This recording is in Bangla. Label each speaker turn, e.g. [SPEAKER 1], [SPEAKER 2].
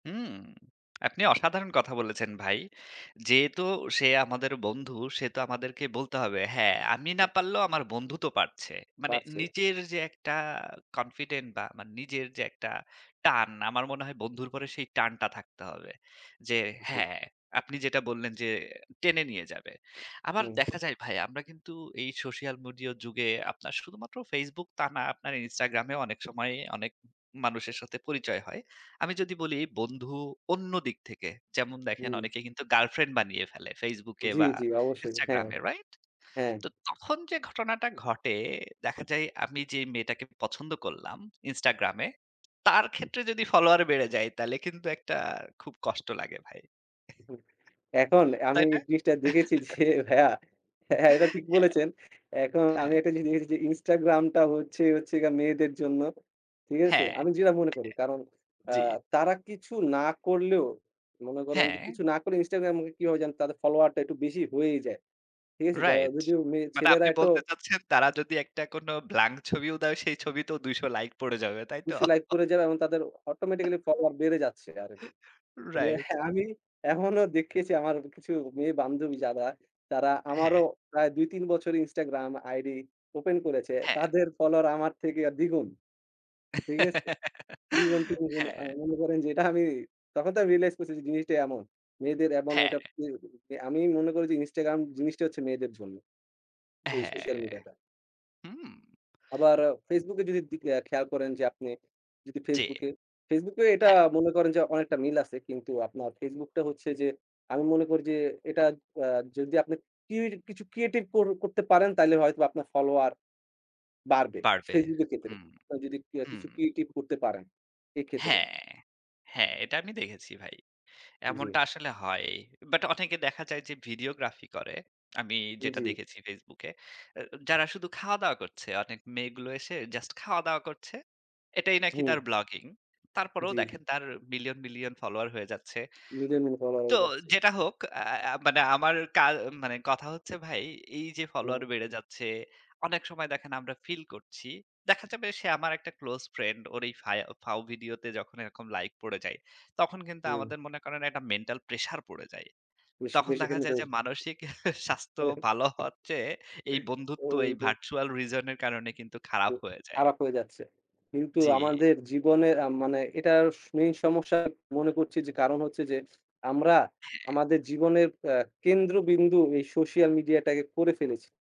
[SPEAKER 1] হুম, আপনি অসাধারণ কথা বলেছেন ভাই। যেহেতু সে আমাদের বন্ধু, সে তো আমাদেরকে বলতে হবে, "হ্যাঁ, আমি না
[SPEAKER 2] উ
[SPEAKER 1] পারলেও আমার বন্ধু তো পারছে"। মানে
[SPEAKER 2] বাড়ছে।
[SPEAKER 1] নিজের যে একটা confident বা মান নিজের যে একটা টান, আমার মনে হয় বন্ধুর পরে সেই টানটা থাকতে হবে। যে
[SPEAKER 2] জি।
[SPEAKER 1] হ্যাঁ, আপনি যেটা বললেন যে টেনে নিয়ে যাবে। আবার
[SPEAKER 2] হুম।
[SPEAKER 1] দেখা যায় ভাই আমরা কিন্তু এই সোশ্যাল মিডিয়া যুগে আপনার শুধুমাত্র Facebook তা না, আপনার Instagram এ ও অনেক সময় অনেক মানুষের সাথে পরিচয় হয়। আমি যদি বলি বন্ধু অন্য দিক থেকে, যেমন দেখেন
[SPEAKER 2] হুম।
[SPEAKER 1] অনেকেই কিন্তু গার্লফ্রেন্ড বানিয়ে ফেলে Facebook এ
[SPEAKER 2] জ্বি,
[SPEAKER 1] বা
[SPEAKER 2] জ্বি। অবশ্যই।
[SPEAKER 1] Instagram
[SPEAKER 2] হ্যাঁ।
[SPEAKER 1] এ, রাইট?
[SPEAKER 2] হ্যাঁ।
[SPEAKER 1] তো তখন যে ঘটনাটা ঘটে, দেখা যায় আমি যেই মেয়েটাকে পছন্দ করলাম, Instagram এ, তার ক্ষেত্রে যদি ফলোয়ার বেড়ে যায় তাহলে কিন্তু একটা খুব কষ্ট লাগে ভাই।
[SPEAKER 2] উহু এখন এ আমি
[SPEAKER 1] তাই না?
[SPEAKER 2] এই জিনিসটা দেখেছি যে ভাইয়া, এটা
[SPEAKER 1] হ্যাঁ,
[SPEAKER 2] ঠিক বলেছেন। এখন আমি
[SPEAKER 1] হ্যাঁ।
[SPEAKER 2] একটা জিনিস দেখেছি যে Instagram টা হচ্ছে, হচ্ছে গিয়া মেয়েদের জন্য। ঠিক আছে?
[SPEAKER 1] হ্যাঁ।
[SPEAKER 2] আমি যেটা মনে করি, কারণ অ্যা
[SPEAKER 1] জি।
[SPEAKER 2] তারা কিছু না করলেও, মনে করেন যে
[SPEAKER 1] হ্যাঁ।
[SPEAKER 2] কিছু না করেও Instagram কিভাবে যেন তাদের ফলোয়ারটা একটু বেশি হয়েই যায়। ঠিক আছে? যা
[SPEAKER 1] রাইট।
[SPEAKER 2] যদিও মেয়ে,
[SPEAKER 1] মানে
[SPEAKER 2] ছেলেরা
[SPEAKER 1] আপনি
[SPEAKER 2] এতো
[SPEAKER 1] বলতে চাচ্ছেন, তারা যদি একটা কোনো blank ছবিও দেয়, সেই ছবিতেও ২০০ লাইক পড়ে যাবে, তাই তো?
[SPEAKER 2] অবশ্যই like করে যাবে এবং তাদের automatically follower বেড়ে যাচ্ছে আরকি।
[SPEAKER 1] রাইট।
[SPEAKER 2] আমি এমনও দেখেছি আমার কিছু মেয়ে বান্ধবী যারা, তারা আমারও
[SPEAKER 1] হ্যাঁ।
[SPEAKER 2] প্রায় ২, ৩ বছর Instagram ID open করেছে।
[SPEAKER 1] হ্যাঁ।
[SPEAKER 2] তাদের ফলোয়ার আমার থেকে আ দ্বিগুণ। ঠিক আছে? দ্বিগুন, তিনগুন আ
[SPEAKER 1] হ্যাঁ।
[SPEAKER 2] মনে করেন যে এটা আমি, তখন তো আমি realize করছি যে জিনিসটা এমন। মেয়েদের এমন
[SPEAKER 1] হ্যাঁ।
[SPEAKER 2] [unintelligible] আমি মনে করি যে Instagram জিনিসটাই হচ্ছে মেয়েদের জন্য। এই সোশ্যাল
[SPEAKER 1] হ্যাঁ।
[SPEAKER 2] মিডিয়া টা।
[SPEAKER 1] হুম।
[SPEAKER 2] আবার অ Facebook এ যদি দি আ খেয়াল করেন যে আপনি, যদি
[SPEAKER 1] জি।
[SPEAKER 2] Facebook এ Facebook এ এটা
[SPEAKER 1] হ্যাঁ।
[SPEAKER 2] মনে করেন যে অনেকটা মিল আছে। কিন্তু আপনার Facebook টা হচ্ছে যে, আমি মনে করি যে এটা অ্যা যদি আপনি কির কিছু creative কর করতে পারেন, তাইলে হয়তো আপনার ফলোয়ার বাড়বে।
[SPEAKER 1] বাড়বে।
[SPEAKER 2] Facebook এর ক্ষেত্রে,
[SPEAKER 1] হুম,
[SPEAKER 2] আপনারা যদি কিয়া
[SPEAKER 1] হুম।
[SPEAKER 2] কিছু creative করতে পারেন, এক্ষেত্রে।
[SPEAKER 1] হ্যাঁ, হ্যাঁ। এটা আমি দেখেছি ভাই। এমনটা
[SPEAKER 2] জি।
[SPEAKER 1] আসলে হয়। But অনেকে দেখা যায় যে videography করে। আমি যেটা
[SPEAKER 2] জি।
[SPEAKER 1] দেখেছি Facebook এ। এ যারা শুধু খাওয়া-দাওয়া করছে, অনেক মেয়েগুলো এসে just খাওয়া-দাওয়া করছে, এটাই নাকি তার
[SPEAKER 2] হুম।
[SPEAKER 1] ব্লগিং। তারপরেও
[SPEAKER 2] জী।
[SPEAKER 1] দেখেন তার মিলিয়ন, মিলিয়ন ফলোয়ার হয়ে যাচ্ছে।
[SPEAKER 2] মিলিয়নফ [unintelligible] ফলোয়ার
[SPEAKER 1] তো
[SPEAKER 2] হয়ে যাচ্ছে।
[SPEAKER 1] যেটা হোক, আ মানে আমার কা মানে কথা হচ্ছে ভাই, এই যে
[SPEAKER 2] হুম।
[SPEAKER 1] ফলোয়ার বেড়ে যাচ্ছে, অনেক সময় দেখেন আমরা feel করছি। দেখা যাবে সে আমার একটা close friend. ওর এই ফায় ফাও ভিডিওতে যখন এরকম লাইক পড়ে যায়, তখন কিন্তু
[SPEAKER 2] জি।
[SPEAKER 1] আমাদের মনে করেন একটা mental pressure পড়ে যায়।
[SPEAKER 2] বেশি,
[SPEAKER 1] তখন দেখা যায় যে
[SPEAKER 2] বেশি [unintelligible]
[SPEAKER 1] মানসিক স্বাস্থ্য ভালো হওয়ার চেয়ে, এই
[SPEAKER 2] ও,
[SPEAKER 1] বন্ধুত্ব এই
[SPEAKER 2] ওইটাই।
[SPEAKER 1] virtual reason এর কারণে কিন্তু
[SPEAKER 2] উ
[SPEAKER 1] খারাপ হয়ে যায়।
[SPEAKER 2] খারাপ হয়ে যাচ্ছে। কিন্তু
[SPEAKER 1] জি।
[SPEAKER 2] আমাদের জীবনের আ মানে এটার স main সমস্যা মনে করছি যে, কারণ হচ্ছে যে আমরা
[SPEAKER 1] হ্যাঁ।
[SPEAKER 2] আমাদের জীবনের অ্যা কেন্দ্রবিন্দু এই সোশ্যাল মিডিয়া টাকে করে ফেলেছি।